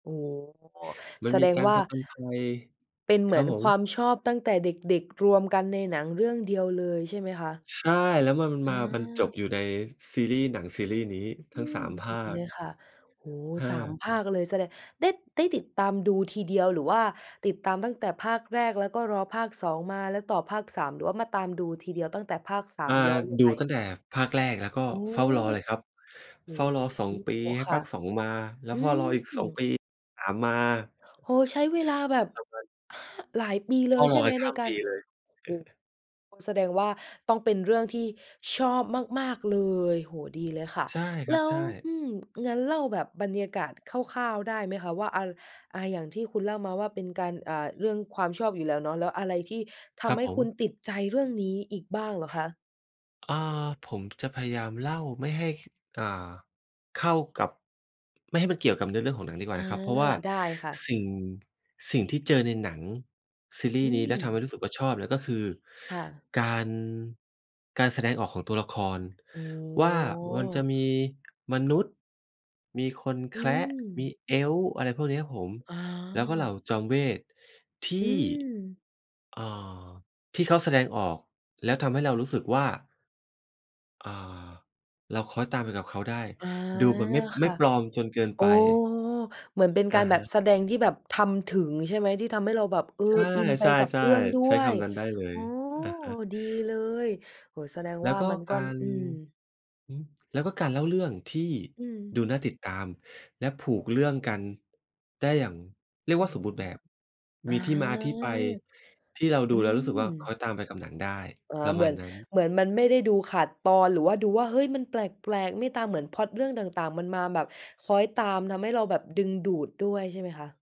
โอ้โฮ มัแสนมดีงการว่ผา จญภัย เป็นเคหมรัืบอนผควม ามชอบตั้งแต่เด็ก ๆ รวมกันในหนังเรื่องเดียวเลยใช่ไหมคะ? ใช่ แล้วมัน มันอมามันจบา อยู่ในซีรีส์ หนังซีรีส์นี้ อทืั้ง ม 3 ภดาีเลค ยค่ะ โอ้โฮ เ3 ออ ภาคเลยแสดง ได้ ได้ติดตามดูทีเดียว หรือว่าติดตามตั้งแต่ภาคแรก แล้วก็รอภาค 2 มาแล้วต่อภาค 3 หรือว่ามาตามดูทีเดียวตั้งแต่ภาค สาอม า ย้อนลงดไป ูตั้งแต่ภาคแรก แล้วก็โอ้! เฝ้ารอเลยครับ โอเฝ้ารอ 2 ปี้ ให้คภ่ะ าค 2 มาอืเฝ้ารออีก 2 ปม ี 3 มา โอ้โฮ ใช้เวลาแบบ [unintelligible] ห หลายปีเเลฝ้ายใชร่อยไไหปมขใน้ามกาปร ีเลย โอ้โฮ แสดงว่า ต้องเป็นเรื่องที่ชอบมาก ๆ เลย โอ้โฮ ดีเลยค่ะ ใช่คแรัลบ ้ว ใช่ อืม งั้นเล่าแบบบรรยากาศคร่าว ๆ ได้ไหมคะ ว่า อา อา อย่างที่คุณเล่ามาว่า เป็นการ อ่า เรื่องความชอบอยู่แล้วเนาะ แล้วอะไรที่ทครัำบให้ผคุณม ติดใจเรื่องนี้อีกบ้างเหรอคะ? อา ผม จะพยายามเล่าไม่ให้ ค อ่า เข้ากับ ไม่ให้มันเกี่ยวกับเรื่องของหนังดีกว่อาา นะครับ เพราะว่าได้ค่ะ สิ่ง สิ่งที่เจอในหนังซีรีอืส์นี้ แล้วทำให้ม รู้สึกว่าชอบเนี่ย ก็คือค่ะ การ การแสดงออกของตัวละครอ๋อ ว่า มันจะมี มนุษย์ มีคนแอืคระ มี ม Eif อะไรพวกนี้ครับผม อ๋อ แล้วก็เหล่าจอมเวทย์ทอืี่ ม เอ่อ ที่เขาแสดงออก แล้วทำให้เรารู้สึกว่า อ่า เราคล้อยตามไปกับเขาได้ อา ดูมันไม่ คไม่่ะ ปลอมจนเกินอ๋ไอ ป เหมือนเป็นอการะแฮบบะ แสดงที่แบบทำถึงใช่ไหม? ที่ทำให้เราแบบ เออ ใช่ อินไปกับเรื่องๆ ด้ๆ ใช้วคย ำนั้นได้เลอย ๋อ อะฮะ ดีเลย โอ้โฮ แสดงแลว้่วา ก็มันก็ การ อืม อือ แล้วก็การเล่าเรื่องที่อืดูม น่าติดตามและผูกเรื่องกัน ได้อย่างเรียอก๋วอ ่า สมบูรณ์แบบอมา ีที่มาที่ไป ที่เราดอืูแล้วรู้สึกว่า คล้อม ยตามไปกับหนังได้ อ๋อ ประเหมมืาณอน นั้น เหมือนมันไม่ได้ดูขาดตอน หรือว่าดูว่า เฮ้ย มันแปลก ๆ ไม่ตามเหมือนพล็อตเรื่องต่าง ๆ มันมาแบบคล้อยตาม ทำให้เราแบบดึงดูดด้วยใช่ไหมคะ?